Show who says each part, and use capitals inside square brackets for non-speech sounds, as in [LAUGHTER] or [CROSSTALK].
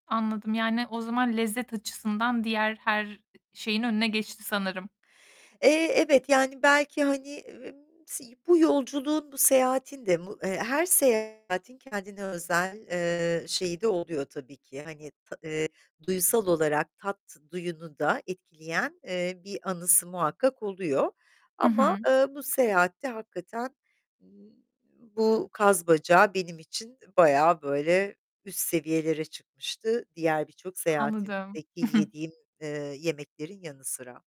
Speaker 1: Anladım. Yani o zaman lezzet açısından diğer her şeyin önüne geçti sanırım.
Speaker 2: Eee, evet, yani belki, hani, [UNINTELLIGIBLE] si bu yolculuğun, bu seyahatin de mu eee, her seyahatin kendine özel eee, şeyi de oluyor tabii ki. Hani, ta eee, duyusal olarak, tat duyunu da etkileyen, eee, bir anısı muhakkak oluyor.
Speaker 1: Hı
Speaker 2: Ama,
Speaker 1: hı.
Speaker 2: eee, bu seyahatte hakikaten bu kaz bacağı benim için bayağı böyle üst seviyelere çıkmıştı. Diğer birçok
Speaker 1: Anladım.
Speaker 2: seyahatimdeki
Speaker 1: [CHUCKLES]
Speaker 2: yediğim, eee, yemeklerin yanı sıra.